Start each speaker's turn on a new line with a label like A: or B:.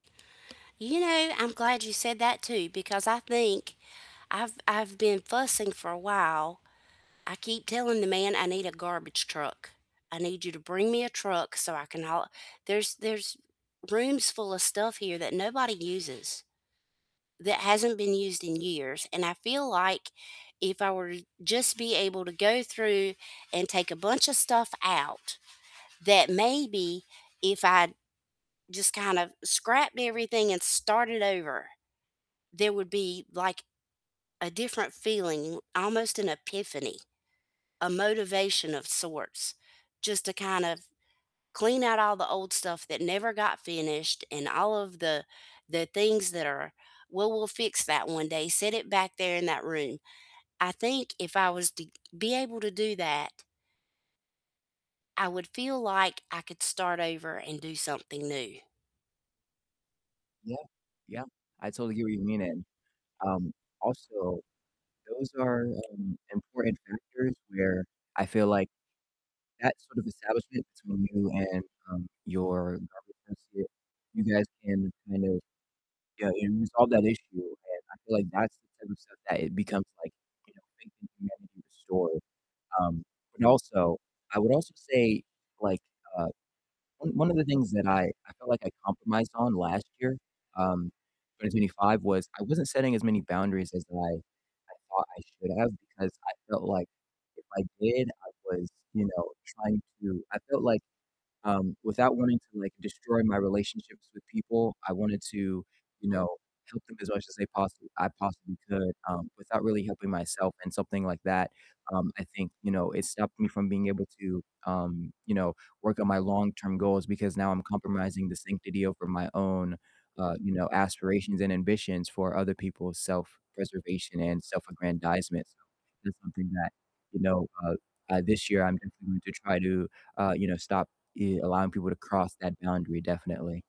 A: You know, I'm glad you said that too, because I think I've I've been fussing for a while, I keep telling the man I need a garbage truck, "I need you to bring me a truck so I can haul a" There's there's rooms full of stuff here that nobody uses, that hasn't been used in years, and I feel like if I were just be able to go through and take a bunch of stuff out, that maybe if I just kind of scrapped everything and started over, there would be, like, a different feeling, almost an epiphany, a motivation of sorts, just to kind of clean out all the old stuff that never got finished and all of the the things that are, "Well, we'll fix that one day," set it back there in that room. I think if I was to be able to do that I would feel like I could start over and do something new.
B: Yeah. Yeah, I totally hear what you mean, and, um, also those are, um, important factors where I feel like that sort of establishment between you and, um, your garbage associate, you guys can kind of, you know, resolve that issue, and I feel like that's the type of stuff that it becomes, like, you know, faith in humanity restored. Um, but also I would also say, like, uh, one one of the things that I I felt like I compromised on last year- um, 2025 - was I wasn't setting as many boundaries as I I thought I should have because I felt like if I did, I was, you know, trying to I felt like, um, without wanting to, like, destroy my relationships with people, I wanted to, you know, help them as much as they possi I possibly could, um, without really helping myself in something like that. Um, I think, you know, it stopped me from being able to, um, you know, work on my long-term goals because now I'm compromising the sanctity over my own, uh, you know, aspirations and ambitions for other people's self-preservation and self-aggrandizement. So that's something that, you know, uh uh, this year I'm definitely going to try to, uh, you know, stop e allowing people to cross that boundary, definitely.